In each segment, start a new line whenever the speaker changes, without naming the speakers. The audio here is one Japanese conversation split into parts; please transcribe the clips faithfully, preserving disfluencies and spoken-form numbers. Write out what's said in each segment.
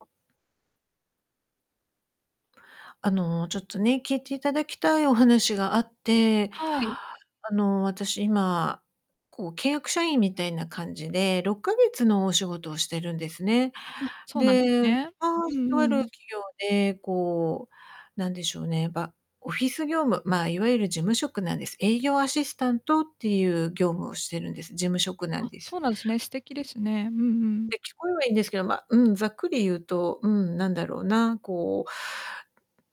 あ。あの、ちょっとね、聞いていただきたいお話があって、
はい。
あの、私今、こう、契約社員みたいな感じで、ろっかげつのお仕事をしてるんですね。
あ、そうなんです
で、あ
ね。
あ、
う
と
ん
あ
う
る
ん。
企業でこうなんでしょうね、ば、オフィス業務、まあ、いわゆる事務職なんです。営業アシスタントっていう業務をしてるんです。事務職なん
あ、
で
そ
す。
うなんすね、素敵で
うん。
すね。うんうん。
で、聞こえはいいんですけど、ま、うん、ざっくり言うと、うん、何だろうな、こ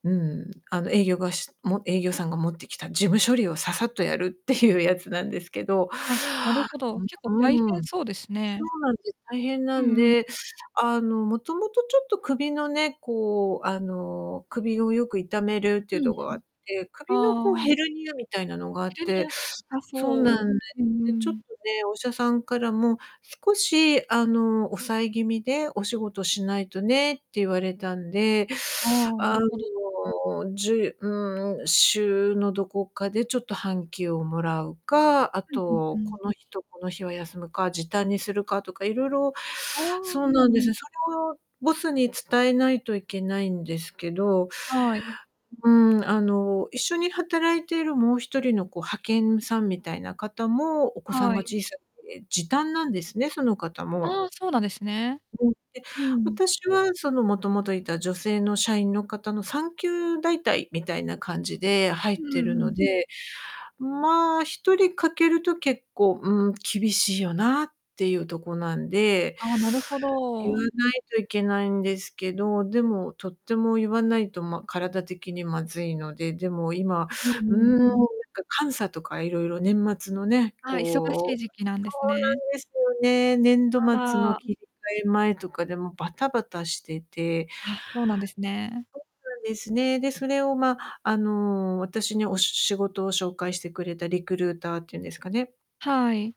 う、うん。あの、営業が、しも営業さんが持ってきた事務処理をささっとやるていうやつなんですけど。
あ、なるほど。結構
う
大
ん、う
変
ーん。
そ
そ
うですね。
うなんです、大変な
う
ん
んうん。
で、あの、もともとちょっと首のね、こう、あの、首をよく痛めるっていう
うん
とこ
う
があ
ん。
って、首のこう、
あ
ヘ
あ。
ルニアみたいなのがあ
ヘ
っ
ルニ
て、
ア、あ、
そうなん
そう。
で、
うんう
で、ちょっと
ん
ね、お医者さんからも、少し、あの、抑え気味でお仕事しないとねって言われたんで、
ああ、な
あ
る
の、
ほど。
じゅうん、週のどこかでちょっと半休をもらうか、あ
うんうんう
と、
ん。
この日とこの日は休むか、時短にするかとか、いろいろ、
ああ、う
そうなんで
んう
す
ん。
ね。それをボスに伝えないといけないんですけど
はい。うん。
うん、あの、一緒に働いているもうひとりの、こう、派遣さんみたいな方も、お子さん
は
が
い、うん。
小さくて時短なんですね、その方も。
ああ、そうなんですね。
うん、で、
うん。
私は、その、もともといた女性の社員の方の産休代替みたいな感じで入
う
ってる
んう
の
ん。
で、まあ、ひとり欠けると結構、うん、厳しいよなっていうとこなんで、
ああ、なるほ
言わ
ど。
ないといけないんですけど、でも、とっても言わないと、ま、体的にまずいので、でも今、
うん
う
うん
ん、な
う
ん
ん。
か監査とかいろいろ年末のね、
ああ、忙しい
こう
時期なん
そ
です
う
ね。
なんですよね、年度
あ
末
ら。
の
ん。
切り替え前とかで、もうバタバタしてて
あ、そうなんですね。
そうなんですね。で、それを、ま、あの、私にお仕事を紹介してくれたリクルーターっていうんですかね。
はい。